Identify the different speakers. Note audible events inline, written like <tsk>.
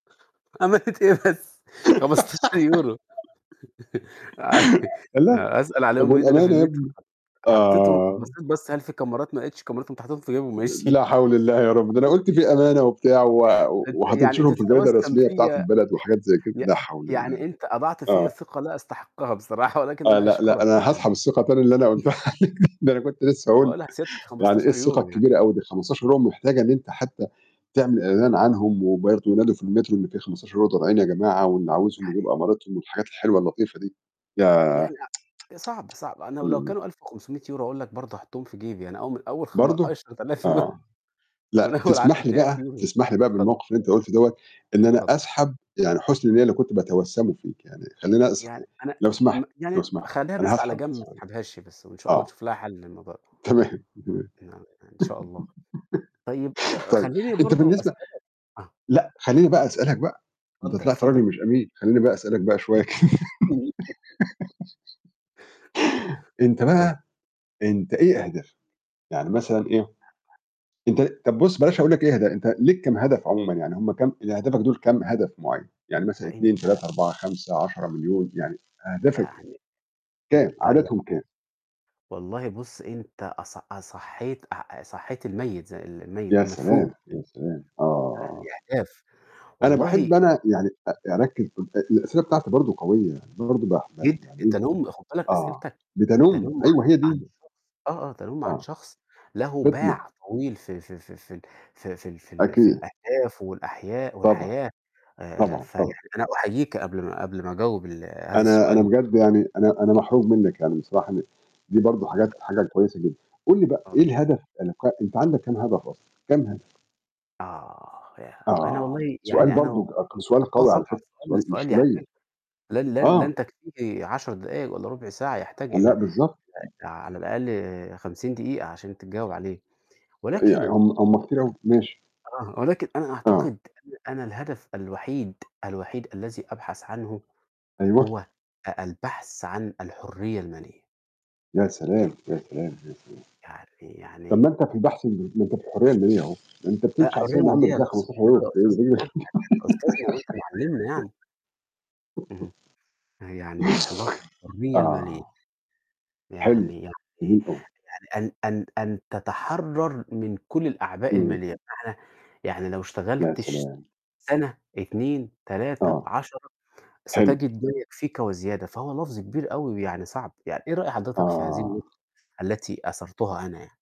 Speaker 1: أمانة إيه بس؟ 15€ <chuckles> أ
Speaker 2: <laughs>
Speaker 1: <chuckles>
Speaker 2: الله!
Speaker 1: أسأل
Speaker 2: طب
Speaker 1: عليهم إيه، ده أنا في
Speaker 2: والأمانة يا
Speaker 1: المترو،
Speaker 2: ابني؟
Speaker 1: حط حطيتهم
Speaker 2: آه.
Speaker 1: بصيت بصّة هل فيه كاميرات ما لقيتش كاميرات، قُمت حاططهم في جيبي
Speaker 2: آآ،
Speaker 1: وماشي
Speaker 2: لا حول الله يا رب، ده أنا قُلت فيه أمانة وبتاع و
Speaker 1: <unintelligible> أنت يعني أنت
Speaker 2: وهتنشرهم في الجرايد
Speaker 1: تتوسم
Speaker 2: الرسمية بتاعة
Speaker 1: فيَّا
Speaker 2: البلد وحاجات زي كده،
Speaker 1: ي ي
Speaker 2: لا حول الله،
Speaker 1: يعني أنت أضعت فيَّ
Speaker 2: آه.
Speaker 1: ثقة لا أستحقها بصراحة، ولكن
Speaker 2: آه
Speaker 1: أنا
Speaker 2: لأ، لأ
Speaker 1: أشكرك
Speaker 2: أنا
Speaker 1: على
Speaker 2: هاسحب
Speaker 1: هذه
Speaker 2: الثقة تاني اللي أنا
Speaker 1: <chuckles>
Speaker 2: قُلتها عليك، ده أنا كنت لسه هاقول
Speaker 1: باقول سيادتك
Speaker 2: يعني إيه
Speaker 1: خمستاشر
Speaker 2: الثقة
Speaker 1: يورو
Speaker 2: الكبيرة
Speaker 1: يعني.
Speaker 2: أوي دي ال15€ محتاجة إن أنت حتى تعمل
Speaker 1: <unintelligible>
Speaker 2: إعلان عنهم وبرضه ينادوا في المترو إن في 15€ ضايعين يا جماعة، واللي
Speaker 1: ده
Speaker 2: عاوزهم يجيب
Speaker 1: حقيقي.
Speaker 2: أمارِتهُم والحاجات الحلوة اللطيفة دي، ياه!
Speaker 1: يعني أ صعب، صعب، أنا
Speaker 2: <tsk>
Speaker 1: ولو
Speaker 2: امم.
Speaker 1: كانوا 1.500€ هاقول لك برضه هاحُطهم في جيبي، أنا أول م أول خم
Speaker 2: برضه؟
Speaker 1: عشرة آلاف يو <chuckles>
Speaker 2: آه،
Speaker 1: من
Speaker 2: لأ
Speaker 1: أول عشرة
Speaker 2: تسمح لي
Speaker 1: آلاف
Speaker 2: بقى
Speaker 1: يورو
Speaker 2: تسمح لي بقى
Speaker 1: اتفضل.
Speaker 2: بالموقف اللي أنت قُلته دوَّة إن أنا
Speaker 1: اتفضل.
Speaker 2: أسحب يعني حُسن النِيَّة اللي كنت باتوسّمُه فيك يعني، خلّيني أسح
Speaker 1: يعني أنا
Speaker 2: لو
Speaker 1: م
Speaker 2: سمحت لو
Speaker 1: يعني
Speaker 2: سمحت
Speaker 1: خلِّيها
Speaker 2: أنا
Speaker 1: بس على
Speaker 2: هاسحب
Speaker 1: جنب، ما تسحبهاش بس، وإن
Speaker 2: <unintelligible>
Speaker 1: شاء الله
Speaker 2: آه.
Speaker 1: نشوف لها حَلّ للموضوع ده.
Speaker 2: تمام، تمام
Speaker 1: <unintelligible> إن شاء الله، طيب
Speaker 2: <laughs> طيب
Speaker 1: خلِّيني
Speaker 2: أنت
Speaker 1: برضه
Speaker 2: بالنسبة
Speaker 1: أسألك آه.
Speaker 2: لأ خلّيني بقى أسألك بقى، أنت
Speaker 1: اتفضل،
Speaker 2: طلِعت
Speaker 1: اتفضل.
Speaker 2: راجل مش أمين، خلّيني بقى أسألك بقى شوية كده
Speaker 1: <laughs>
Speaker 2: <giggles>
Speaker 1: <chuckles>
Speaker 2: أنت
Speaker 1: اتفضل.
Speaker 2: بقى أنت إيه أهدافك؟ يعني مثلًا إيه؟ أنت طَب بُصّ بلاش أقول لك إيه أهداف أنت ليك كام هدف عمومًا يعني؟ هم كام يعني أهدافك دُول كام هدف معيّن؟ يعني مثلًا
Speaker 1: ده أنت
Speaker 2: 2، 3، 4، 5، 10، مليون، يعني أهدافك إيه؟
Speaker 1: يعني
Speaker 2: كام؟
Speaker 1: أنت
Speaker 2: عددهم كام؟
Speaker 1: يعني والله بُصّ، أنت أص أصحيت أ صحيت الميت، ز ال الميت
Speaker 2: يا
Speaker 1: المدفون،
Speaker 2: سلام، يا
Speaker 1: <unintelligible>
Speaker 2: سلام،
Speaker 1: يعني
Speaker 2: آه.
Speaker 1: أهداف،
Speaker 2: أنا باحب
Speaker 1: والله
Speaker 2: أنا يعني أ أركّز أ الأسئلة بتاعتي برضه قوية، يعني أنا برضه <unintelligible>
Speaker 1: جدًا،
Speaker 2: يعني إيه،
Speaker 1: تَنُّم خد بالك
Speaker 2: آه،
Speaker 1: أسئلتك
Speaker 2: بتَنُمّ!
Speaker 1: تَنُّم
Speaker 2: أيوه هي
Speaker 1: عن عن
Speaker 2: دي.
Speaker 1: شخص، آه، آه تَنُّم عن
Speaker 2: آه.
Speaker 1: شخص له
Speaker 2: فِطنة.
Speaker 1: باع طويل في في في ال في في في ال في
Speaker 2: أكيد.
Speaker 1: الأهداف والأحياء
Speaker 2: طبعًا،
Speaker 1: والحياة، آآ، آآ،
Speaker 2: طبعًا،
Speaker 1: فيعني
Speaker 2: طبعًا.
Speaker 1: أنا أحييك قبل ما قبل ما أجاوب ال هذا
Speaker 2: أنا أنا
Speaker 1: السؤال
Speaker 2: بجد يعني أنا أنا محروج منك يعني بصراحة إن دي برضه حاجات حاجة كويسة جدًا، قُل لي، بقى إيه
Speaker 1: الله
Speaker 2: الهدف <unintelligible> أنت عندك كام هدف أصلًا؟ كام هدف؟
Speaker 1: آه، ياه! أنا
Speaker 2: آه،
Speaker 1: والله
Speaker 2: سؤال
Speaker 1: يعني أنا
Speaker 2: برضه
Speaker 1: والله
Speaker 2: ق سؤال
Speaker 1: آه
Speaker 2: قوي على فكرة،
Speaker 1: <unintelligible>
Speaker 2: سؤال
Speaker 1: سؤال
Speaker 2: مش
Speaker 1: سؤال
Speaker 2: قليل،
Speaker 1: يحتاج لن لن
Speaker 2: آه.
Speaker 1: لن تكفيه 10 دقايق والَّا رُبع ساعة، يحتاج إلى
Speaker 2: لأ، بالضبط.
Speaker 1: آآ على الأقل 50 دقيقة عشان تتجاوب عليه،
Speaker 2: يع
Speaker 1: ولكن
Speaker 2: هم هم كتير أوي، ماشي.
Speaker 1: آه، ولكن أنا
Speaker 2: آه.
Speaker 1: أعتقد أنا أن الهدف الوحيد، الوحيد الذي أبحث عنه
Speaker 2: أيوه.
Speaker 1: هو أ البحث عن الحرية المالية.
Speaker 2: يا سلام، يا سلام، يا سلام،
Speaker 1: يعني
Speaker 2: طَب
Speaker 1: يعني
Speaker 2: ما أنت في البحث م ما أنت في الحرية المالية أهو، ده أنت
Speaker 1: لأ،
Speaker 2: بتمشي على
Speaker 1: حرية
Speaker 2: <unintelligible>
Speaker 1: مالية
Speaker 2: بتلاقي
Speaker 1: لفظ
Speaker 2: 15€ <unintelligible>
Speaker 1: <unintelligible> يعني أنت أستاذنا وأنت معلمنا يعني. اهم،
Speaker 2: <giggles>
Speaker 1: فيعني الحلا الحرية المالية.
Speaker 2: آه، حلو،
Speaker 1: يعني يعني
Speaker 2: جميل أوي.
Speaker 1: يعني أن أن أن تتحرّر من كُلّ الأعباء
Speaker 2: امم.
Speaker 1: المالية، بمعنى، يعني لو
Speaker 2: يا
Speaker 1: اشتغلت ش
Speaker 2: سلام.
Speaker 1: سنة، 2، 3،
Speaker 2: آه،
Speaker 1: 10،
Speaker 2: حلو.
Speaker 1: ستجد ما يكفيك وزيادة، فهو لفظ كبير أوي ويعني صعب يعني إيه رأي حضرتك في هذه النقطة
Speaker 2: آه.
Speaker 1: التي أثرتها أنا يعني؟